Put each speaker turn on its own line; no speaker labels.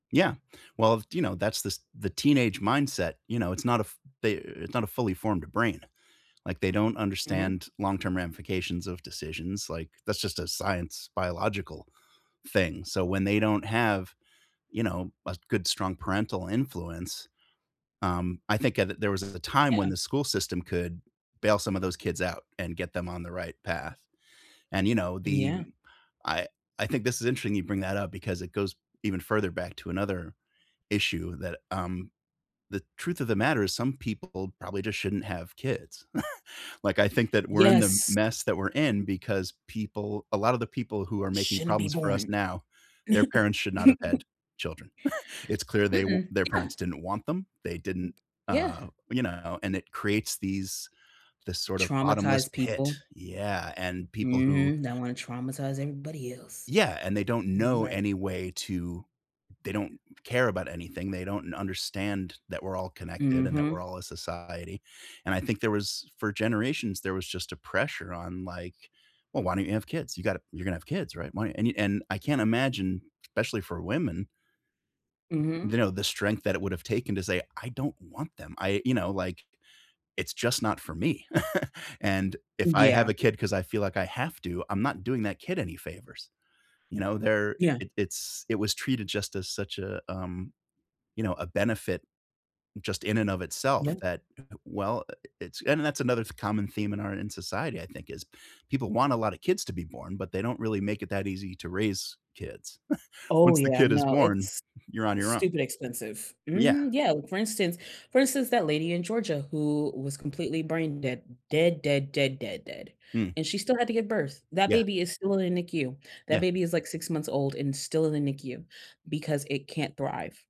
Yeah, well, th you know, that's the s the teenage mindset, you know, it's not a f they it's not a fully formed brain, like, they don't
Mhm.
understand long-term ramifications of decisions, like, that's just a science biological thing. So, when they don't have, you know, a good, strong parental influence um, I think a there was a time when
Yeah.
the school system could bail some of those kids out, and get them on the right path, and, you know,
Yeah.
the I I think this is interesting you bring that up, because it goes even further back to another issue that, um the truth of the matter is some people probably just shouldn't have kids, like, I think that we're in the m
Yes.
mess that we're in, because people a lotta the people who are making
Shouldn't be
problems for us
born.
now, their parents should not have had children. It's clear they wi
Mm-mm.
their
Yeah.
parents didn't want them, they didn't
Yeah.
uh, you know, and it creates these this sort of bottomless
Traumatized
pit
people.
Yeah, and people who
Mhm, that wanna traumatize everybody else.
Yeah, and they don't
You
know
right.
any way to they don't care about anything, they don't understand that we're all connected and that we're
Mhm.
all a society, and I think there was for generations, there was just a pressure on, like, "Well, why don't you have kids? You gotta you're gonna have kids, right? Why" And e and I can't imagine especially for women th
Mhm.
you know, the strength that it would've taken to say, "I don't want them, I you know, like, it's just not for me," "And if I have
Yeah.
a kid 'cause I feel like I have to, I'm not doing that kid any favors." You know, there
Yeah.
it it's it was treated just as such a, um, you know, a benefit just in and of
Yeah.
itself, that, well, uh uh, it's that's another f common theme in our in society, I think, is people want a lot of kids to be born, but they don't really make it that easy to raise kids.
Oh,
Once the
yeah.
kid is
No,
born,
it's
you're on your own.
stupid expensive.
Yeah.
Mhm. Yeah, for instance for instance, that lady in Georgia who was completely brain dead. Dead, dead, dead, dead, dead,
Mm.
and she still had to give birth. That
Yeah.
baby is still in the NICU. That
Yeah.
baby is, like, 6 months old, and still in the NICU because it can't thrive.